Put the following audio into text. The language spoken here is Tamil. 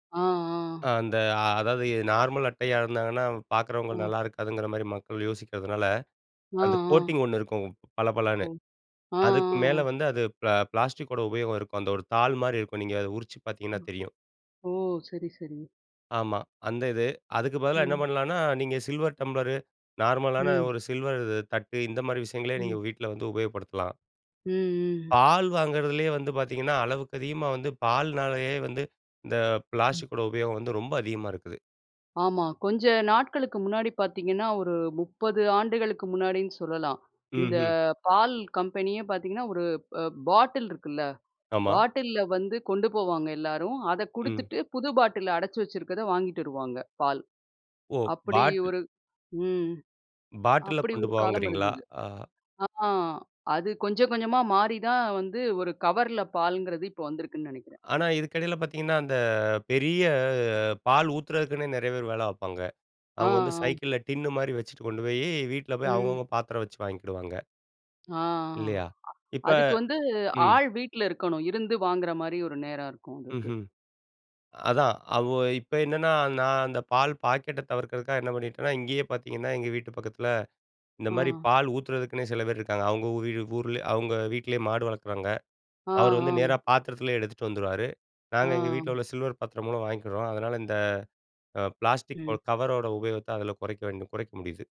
ஆ, அ ஆ. அந்த அதாவது, எ நார்மல் அட்டையா இருந்தாங்கன்னா, அவு பாக்குறவங்களு அ. நல்லா இருக்காதுங்கிற மாரி மக்கள் யோசிக்கிறதுனால, ஆ, அந்த ஆ. கோட்டிங் ஒண்ணு இருக்கும். பள ஒ! பளன்னு. ஆ, அதுக்கு அ, மேலே அ. வந்து அது ப்ள பிளாஸ்டிக்கோட உபயோகம் இருக்கும். அந்த ஒரு தாள் மாரி இருக்கும். நீங்க அதை உரிச்சி பாத்தீங்கன்னா ம். தெரியும். ஓ! சரி, சரி ஆமா. அந்த இது. அதுக்கு பதிலா என்ன ம். பண்ணலான்னா, நீங்க சில்வர் டம்ப்ளரு, நார்மலான ம். ஒரு சில்வர் இது தட்டு, இந்த மாரி விஷயங்களே நீங்க ம். வீட்ல வந்து உபயோகப்படுத்தலாம். ம், ம். பால் வாங்குறதிலயே வந்து பாத்தீங்கன்னா, அளவுக்கு அதிகமா வந்து பால்னாலயே வந்து, இந்த ம். பிளாஸ்டிக்கோட உபயோகம் வந்து ரொம்ப அதிகமா, இருக்குது. ஆமா. கொஞ்சம் நாட்களுக்கு முன்னாடி பாத்தீங்கன்னா, ஒரு 30 ஆண்டுகளுக்கு முன்னாடின்னு சொல்லலாம். இந்த ம்ஹ்ம். பால் கம்பெனியே பாத்தீங்கன்னா, ஒரு அ பாட்டில் இருக்குல்ல, ஆமா. பாட்டில்ல வந்து கொண்டு போவாங்க எல்லாரும். அதை ம். குடுத்துட்டு, புது பாட்டில்ல அடைச்சி வச்சிருக்கதை வாங்கிட்டு வருவாங்க, பால். ஓ! அப்படி பாட்டில். ஒரு ம். பாட்டில்ல அப்படி கொண்டு ஒரு காலம் போவங்குறீங்களா? இருந்தது. அ. ஆ அது கொஞ்சம் கொஞ்சமா மாறி தான் வந்து ஒரு கவர்ல பால்ங்கிறது, இப்போ வந்திருக்குன்னு நெனைக்கிறேன். ஆனா இதுக்கு இடையில பாத்தீங்கன்னா, அந்த பெரிய பால் ஊத்துதறதுக்குன்னே நிறைய பேர் வேலை பாப்பாங்க. ஆ, அவுங்க வந்து ஆ. சைக்கிள்ல் டின்னு மாரி வச்சிட்டு கொண்டு போயி, வீட்ல போய் ம். அவுங்கவுங்க பாத்திரம் வச்சி வாங்கிக்கிடுவாங்க. ஆ, அ. இல்லையா? இப்ப, அதுக்கு வந்து, ம். ஆள் வீட்ல இருக்கணும். இருந்து வாங்குற மாரி ஒரு நேரம் இருக்கும் அதுக்கு. ம்ஹ்ம். அதான் அவு இப்ப என்னன்னா, நான் அந்த பால் பாக்கெட்ட தவிர்க்கிறதுக்காக என்ன பண்ணிட்டேன்னா, இங்கேயே பாத்தீங்கன்னா, எங்க வீட்டு பக்கத்தில, இந்த மாரி ஆ. பால் ஊத்துறதுக்குன்னே சில பேர் இருக்காங்க. அவுங்க ஊதி டு ஊர்லே, அவுங்க வீட்டிலயே மாடு வளக்குறாங்க. ஆ, அவரு வந்து நேரா ஆ. பாத்திரத்திலயே எடுத்துட்டு வந்துருவாரு. ஆ. நாங்க எங்க வீட்ல உள்ள சில்வர் பாத்திரம் மூலம் வாங்கிக்கிறோம். அதனால இந்த அ பிளாஸ்டிக் ஓட ம். கவரோட உபயோகத்த அதில கொறைக்க வேண் குறைக்க முடியுது.